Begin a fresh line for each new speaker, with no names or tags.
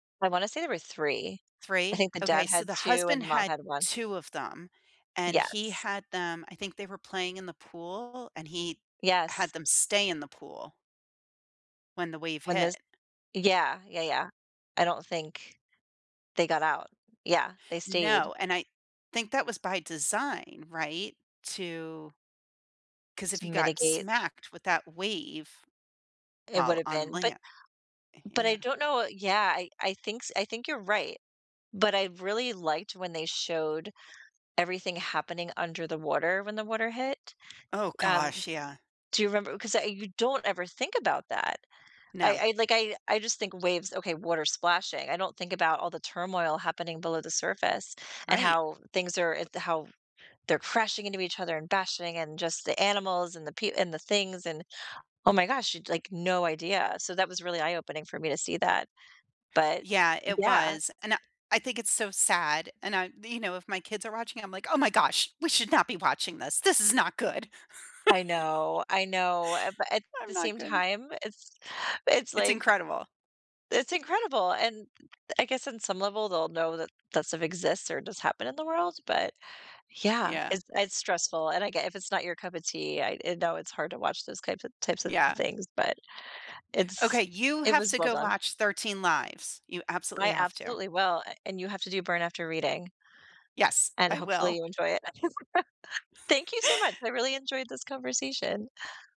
I wanna say there were 3. I
3?
think the dad
Okay, so
had
the
2 and
husband
the mom
had
had 1.
2 of them, and he
Yes.
had them I think they were playing in the pool, and he
Yes.
had them stay in the pool when the wave
When those
hit.
Yeah, yeah, yeah. I don't think they got out. Yeah, they stayed.
No, and I think that was by design, right, to 'Cause if
To
you got
mitigate.
smacked with that wave
It
while
would've
on
been but
land Eh,
But I
yeah.
don't know i Yeah, I I thinks I think you're right, but I really liked when they showed everything happening under the water when the water hit.
Oh
Um, d
gosh, yeah.
do you remember 'cause I you don't ever think about that. I
No.
I like, I I just think waves, okay, water splashing, I don't think about all the turmoil happening below the surface and
Right.
how things are, uh, the how they're crashing into each other and bashing and just the animals and the pe and the things and Oh my gosh, it's like no idea, so that was really eye opening for me to see that, but
Yeah, it
Yeah.
was, and I I think it's so sad, and I You know, if my kids are watching it, I'm like, "Oh my gosh, we should not be watching this, this is not good."
I know, I know, uh, but at
I'm
the
not
same
good.
time, it's it's
It's
like
incredible.
it's incredible, and I guess on some level, they'll know that, that stuff exists or does happen in the world, but, yeah,
Yeah.
it's it's stressful, and I get if it's not your cup of tea, I I know it's hard to watch those types of types of
Yeah.
things, but
Okay,
it's
you
it
have
was
to
well
go
done.
watch Thirteen Lives. You absolutely
I
have to.
absolutely will, a and you have to do Burn After Reading
Yes,
and
I
hopefully
will.
you enjoy it. Thank you so much. I really enjoyed this conversation.